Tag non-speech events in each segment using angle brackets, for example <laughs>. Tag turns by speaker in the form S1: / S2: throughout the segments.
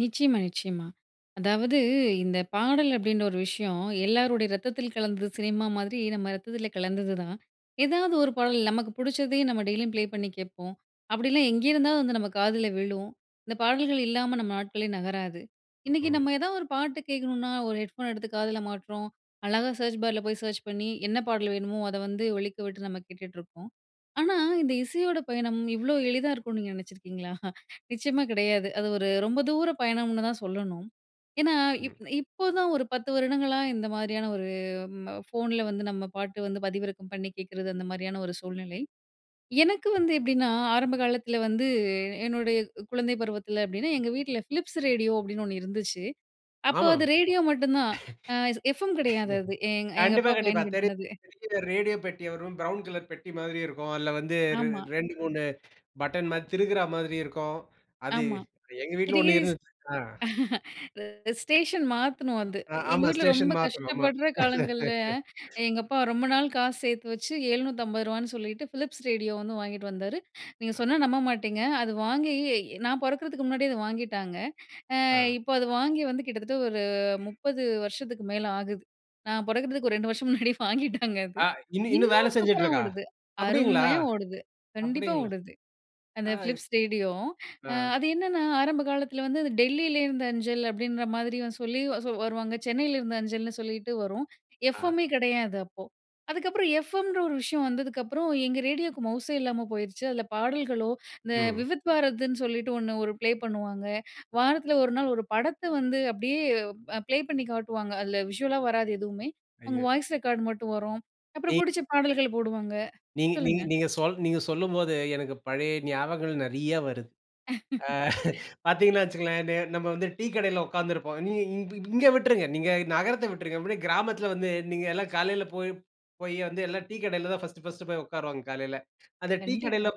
S1: நிச்சயமா, நிச்சயமா. அதாவது இந்த பாடல் அப்படின்ற ஒரு விஷயம், எல்லோருடைய ரத்தத்தில் கலந்தது சினிமா மாதிரி, நம்ம ரத்தத்தில கலந்தது தான். ஏதாவது ஒரு பாடல். நமக்கு புடிச்சதே நம்ம டெய்லியும் ப்ளே பண்ணி கேட்போம். அப்டிலாம் எங்கேயிருந்தாலும் வந்து, நம்ம காதில விழும். இந்த பாடல்கள் இல்லாம, நம்ம நாட்களே நகராது. இன்னைக்கு
S2: ம்.
S1: நம்ம ஏதாவது ஒரு பாட்டு கேட்கணும்னா, ஒரு ஹெட் ஃபோன் எடுத்து காதில மாட்டுறோம். அழகா சர்ச் பார்ல போய் சர்ச் பண்ணி, என்ன பாடல் வேணுமோ, அதை வந்து ஒலிக்க விட்டு நம்ம கேட்டுட்டு இருப்போம். ஆனா, இந்த இசையோட பயணம் இவ்வளோ எளிதா இருக்கும்னு நீங்க நினைச்சிருக்கீங்களா? <chuckles> நிச்சயமா கிடையாது. அது ஒரு ரொம்ப தூர பயணம்னு தான் சொல்லணும். ஏன்னா,
S2: ம்.
S1: இப் இப்போதான் ஒரு 10 வருடங்களா இந்த மாதிரியான ஒரு ம ஃபோன்ல வந்து நம்ம பாட்டு வந்து பதிவிறக்கம் பண்ணி கேட்கிறது. அந்த மாரியான ஒரு சூழ்நிலை. எனக்கு
S2: ம்.
S1: வந்து எப்டின்னா, ஆரம்ப காலத்தில வந்து என்னுடைய க் குழந்தை பருவத்தில அப்படின்னா எங்க வீட்ல "ஃபிலிப்ஸ் ரேடியோ"அப்டின்னு ஒன்னு இருந்துச்சு. அப்போ,
S2: ஆமா.
S1: அது ரேடியோ மட்டும் தான். அ எஃப்எம் கெடையாது அது.
S2: <laughs>
S1: எங்க எங்க
S2: கண்டிப்பா,
S1: அப்பா
S2: கண்டிப்பா. தெரியும்.
S1: பயன்படுத்தினது.
S2: பெரிய ரேடியோ பெட்டி வரும். ப்ரவுன் கலர் பெட்டி மாதிரி இருக்கும். அதில வந்து
S1: ஆமா.
S2: 2 3 பட்டன் மாதிரி, திருக்குறா மாதிரி இருக்கும். அது
S1: ஆமா.
S2: எங்க வீட்ல
S1: திருகி
S2: 1
S1: ஸ்
S2: இருந்துச் ஆ.
S1: <chuckles> ஸ்டேஷன் மாத்தணும் அது.
S2: ஆ
S1: எங்க
S2: ஆமா.
S1: வீட்ல
S2: ஸ்டேஷன்
S1: ரொம்ப
S2: மாத்தணும் நம்ம.
S1: கஷ்டப்படுற காலங்கள்ல,
S2: <laughs>
S1: எங்க அப்பா ரொம்ப நாள் காசு சேர்த்து வச்சு ரூ. 750 ன்னு சொல்லிட்டு "ஃபிலிப்ஸ் ரேடியோ" வந்து வாங்கிட்டு வந்தாரு. நீங்க சொன்னா நம்ப மாட்டீங்க. அது வாங்கி இ நான் பொறக்கறதுக்கு முன்னாடியே அதை வாங்கிட்டாங்க. அ
S2: ஆ.
S1: இப்போ, அது வாங்கி வந்து கிட்டத்தட்ட ஒரு 30 வருஷத்துக்கு மேலே ஆகுது. நான் பிறக்கறதுக்கு ஒரு 2 வருஷம் முன்னாடி வாங்கிட்டாங்க அது.
S2: ஆ. இன்னும் இன்னும் வேலை
S1: இன்னும் சூப்பராக
S2: செஞ்சுட்ருக்கா?
S1: ஓடுது.
S2: அப்பிடீங்களா?
S1: அருமையா ஓடுது. கண்டிப்பா
S2: அப்பிடீங்களா?
S1: ஓடுது. அந்த
S2: ஆ.
S1: Philips radio.
S2: ஆ.
S1: அது என்னென்னா, ஆரம்ப காலத்தில வந்து, அந்த "டெல்லில இருந்த அஞ்சல்" அப்டின்ற மாதிரி சொல்லி வ ச வருவாங்க. "சென்னையில இருந்த அஞ்சல்"னு சொல்லிட்டு வரும்.
S2: ஆ.
S1: எஃப்எம்மே கிடையாது, அப்போ. அதுக்கப்புறம் எஃப்எம்ன்ற ஒரு விஷயம் வந்ததுக்கப்புறம், எங்க ரேடியோவுக்கு மவுஸே இல்லாம போயிருச்சு. அதில பாடல்களோ, இந்த
S2: ம்.
S1: "விவித் பாரதி"ன்னு சொல்லிட்டு ஒண்ணு ஒரு ப்ளே பண்ணுவாங்க. வாரத்தில ஒரு நாள் ஒரு படத்த வந்து அப்படியே அ பிளே பண்ணி காட்டுவாங்க. அதில விஷுவலா வராது, எதுவுமே. அவங்க
S2: ஐயோ!
S1: வாய்ஸ் ரெக்கார்ட் மட்டும் வரும். அப்புறம்
S2: நீ
S1: புடிச்ச பாடல்கள் போடுவாங்க.
S2: நீங்க நீங்க
S1: சொல்லுங்க.
S2: நீங்க சொ நீங்க சொல்லும்போது எனக்கு பழைய ஞாபகங்கள் நெறைய வருது. ஆ.
S1: <laughs>
S2: <chuckles> பார்த்தீங்கன்னா வைச்சுக்கங்களேன். நெ நம்ம வந்து டீ கடையில உட்கார்ந்திருப்போம். நீ நீ இ இ இங்கே விட்டுருங்க. நீங்க நகரத்த விட்டுருங்க. அப்படியே கிராமத்தில வந்து, நீங்க எல்லாம் காலையில போய் போயி வந்து எல்லாம் டீ கடையில தான் பர்ஸ்ட், பர்ஸ்ட் போய் உட்காருவாங்க, காலையில. அந்த டீ கடையில
S1: கண்டிப்பா.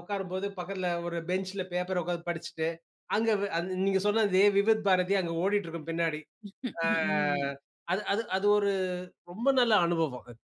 S2: உட்காரும்போது பக்கத்தில ஒரு பெஞ்ச்ல பேப்பர் உட்கார்ந்து படிச்சிட்டு, அங்க வெ அது நீங்க சொன்ன அதே விபத் பாரதி அங்க ஓடிட்டு இருக்கும் பின்னாடி.
S1: <laughs> ம்.
S2: ஆ
S1: ம்.
S2: அது அது அது ஒரு ரொம்ப நல்ல அனுபவம்.